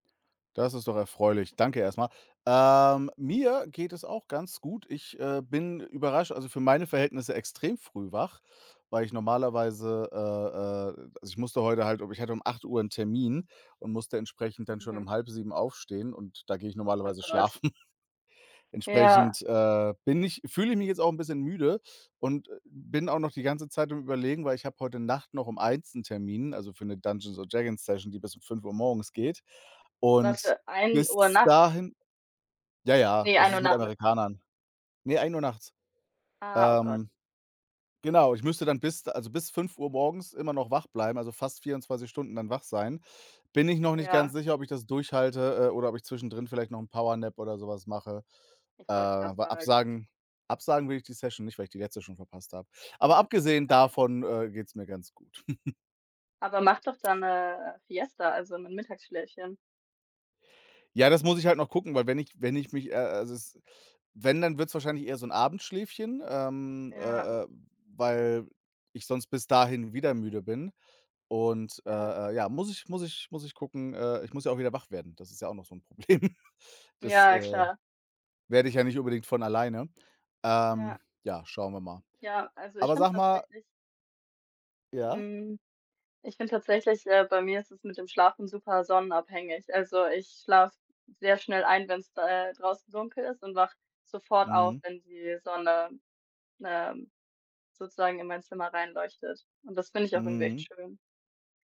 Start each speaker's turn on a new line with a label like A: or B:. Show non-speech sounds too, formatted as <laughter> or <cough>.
A: Das ist doch erfreulich. Danke erst mal. Ähm, mir geht es auch ganz gut. Ich, äh, bin überrascht also, für meine Verhältnisse extrem früh wach, weil ich normalerweise, äh äh also, ich musste heute halt ob ich hatte um 8:00 'n Termin und musste entsprechend dann schon
B: Mhm.
A: um 6:30 aufstehen und da gehe ich
B: Oh
A: normalerweise
B: Gott.
A: schlafen. <chuckles>
B: Ja.
A: Entsprechend, äh, bin ich fühle ich mich jetzt auch 'n bisschen müde und bin auch noch die ganze Zeit am Überlegen, weil ich habe heute Nacht noch um 1:00 'n Termin, also, für 'ne Dungeons und Dragons Session, die bis 5:00 morgens geht.
B: Was
A: Und
B: für 1:00
A: bis
B: nachts?
A: dahin ja, ja,
B: Ne,
A: das
B: 13:00
A: ist mit
B: nachmittags.
A: Amerikanern. Ne, 1:00 nachts.
B: Ah, oh
A: Ähm,
B: Gott.
A: genau, ich müsste dann bis de also, bis 5 morgens immer noch wach bleiben, also, fast 24 Stunden dann wach sein. Bin ich noch nicht ganz
B: Ja.
A: sicher, ob ich das durchhalte, äh, oder ob ich zwischendrin vielleicht noch 'n Power Nap oder so was mache.
B: Ich
A: Äh,
B: wollte grad
A: weil
B: sagen.
A: absagen absagen will ich die Session nicht, weil ich die letzte schon verpasst habe,
B: Ja,
A: aber abgesehen
B: klar.
A: davon, äh, geht's mir ganz gut. <chuckles>
B: Aber mach doch dann 'ne, äh, Siesta, also, 'nen Mittagsschläfchen.
A: Ja, das muss ich halt noch gucken, weil wenn ich wenn ich mich, äh äh, also, es wenn dann wird's wahrscheinlich eher so 'n Abendschläfchen, ähm,
B: Ja.
A: äh äh, weil ich sonst bis dahin wieder müde bin und, äh
B: Ja.
A: äh, ja, muss ich muss ich muss ich gucken, äh, ich muss ja auch wieder wach werden. Das ist ja auch noch so 'n Problem. Das,
B: Ja,
A: äh,
B: klar.
A: werde ich ja nicht unbedingt von alleine. Ähm,
B: Ja.
A: ja, schauen wir mal.
B: Ja, also, ich
A: Aber
B: finde
A: sag mal
B: tatsächlich
A: Ja?
B: Hm, ich finde tatsächlich, äh, bei mir ist es mit dem Schlafen super sonnenabhängig. Also, ich schlafe sehr schnell ein, wenn's d äh, draußen dunkel ist und wache sofort auf,
A: Mhm.
B: wenn die Sonne, ähm, sozusagen in mein Zimmer reinleuchtet und das finde ich auch irgendwie echt
A: Mhm.
B: schön.